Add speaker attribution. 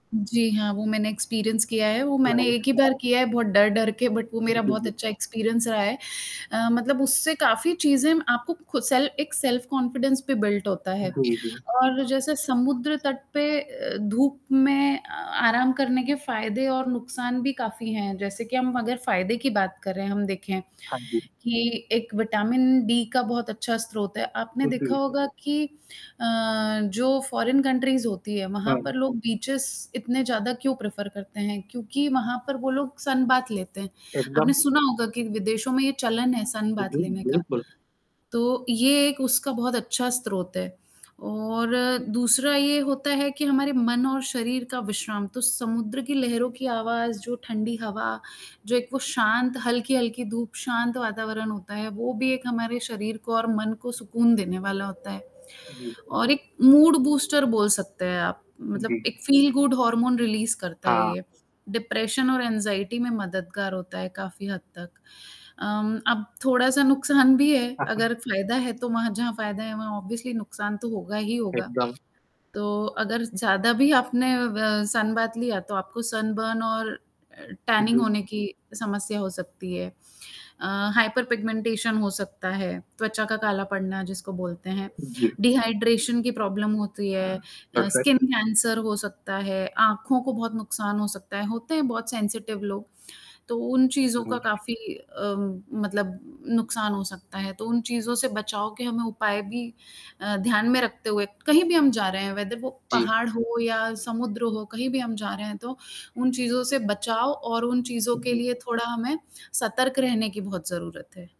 Speaker 1: जी, हाँ, वो मैंने एक्सपीरियंस किया है वो मैंने
Speaker 2: लड़ाईयाँ
Speaker 1: एक ही बार किया है, बहुत डर-डर के बट वो
Speaker 2: जी,
Speaker 1: मेरा
Speaker 2: जी,
Speaker 1: बहुत
Speaker 2: बिल्क
Speaker 1: अच्छा एक्सपीरियंस रहा है। अ, मतलब उससे काफ़ी चीज़ें आपको खुद सेल एक सेल्फ कॉन्फिडेंस पे बिल्ड होता है।
Speaker 2: जी, जी।
Speaker 1: और जैसे समुद्र तट पे अ, धूप में अ आराम करने के फ़ायदे और नुकसान भी काफ़ी हैं, जैसे कि हम अगर फ़ायदे की बात करें हम देखें,
Speaker 2: हाँ जी।
Speaker 1: कि एक विटामिन-डी का बहुत अच्छा स्रोत है, आपने
Speaker 2: ओके
Speaker 1: देखा
Speaker 2: जी।
Speaker 1: होगा कि अ, जो फॉरेन कंट्रीज़ होती है वहाँ पर
Speaker 2: हाँ।
Speaker 1: लोग बीचेज़ इतने ज़्यादा क्यों प्रेफर करते हैं, क्योंकि वहाँ पर वो लोग सनबाथ लेते हैं। आपने
Speaker 2: एकदम।
Speaker 1: सुना होगा कि विदेशों में ये चलन है सनबाथ
Speaker 2: जी, जी,
Speaker 1: लेने का।
Speaker 2: बिल्कुल।
Speaker 1: तो ये एक उसका बहुत अच्छा स्रोत है। और दूसरा ये होता है कि हमारे मन और शरीर का विश्राम तो समुद्र की लहरों की आवाज़ जो ठंडी हवा, जो एक वो शांत हल्की-हल्की धूप शांत वातावरण होता है, वो भी एक हमारे शरीर को और मन को सुकून देने वाला होता है।
Speaker 2: जी।
Speaker 1: और एक मूड बूस्टर बोल सकते हैं आप, मतलब
Speaker 2: जी, जी।
Speaker 1: एक फील गुड हॉर्मोन रिलीज़ करता है,
Speaker 2: हाँ।
Speaker 1: ये। डिप्रेशन और एग्ज़ायटी में मददगार होता है काफ़ी हद तक। अम्म, अब थोड़ा-सा नुकसान भी है,
Speaker 2: हाँ, हाँ।
Speaker 1: अगर फ़ायदा है तो वहाँ जहाँ, फ़ायदा है वहाँ ऑब्वियसली नुकसान तो होगा ही होगा।
Speaker 2: एकदम।
Speaker 1: तो अगर ज़ ज़्यादा भी आपने अ, ब सनबाथ लिया तो आपको सनबर्न और टैनिंग होने
Speaker 2: [unintelligible]
Speaker 1: की समस्या हो सकती है। अ, हाइपर पिगमेंटेशन हो सकता है, त्वचा का काला पड़ना जिसको बोलते हैं।
Speaker 2: जी।
Speaker 1: डिहाइड्रेशन की प्रॉब्लम होती
Speaker 2: हाँ,
Speaker 1: है, अ, स्किन
Speaker 2: परफेक्ट
Speaker 1: कैंसर हो सकता है, आँखों को बहुत नुकसान हो सकता है, होते हैं बहुत सेंसिटिव लोग। तो उन चीज़ों का
Speaker 2: हुँ।
Speaker 1: काफ़ी अ, मतलब नुकसान हो सकता है, तो उन चीज़ों से बचाव के हमें उपाय भी अ, ध्यान में रखते हुए कहीं भी हम जा रहे हैं वेदर वो
Speaker 2: जी।
Speaker 1: पहाड़ हो या समुद्र हो कहीं भी हम जा रहे हैं, तो उन चीज़ों से बचाव और उन चीज़ों
Speaker 2: हाँ,
Speaker 1: के
Speaker 2: जी।
Speaker 1: लिए थोड़ा हमें सतर्क रहने की बहुत ज़रूरत है।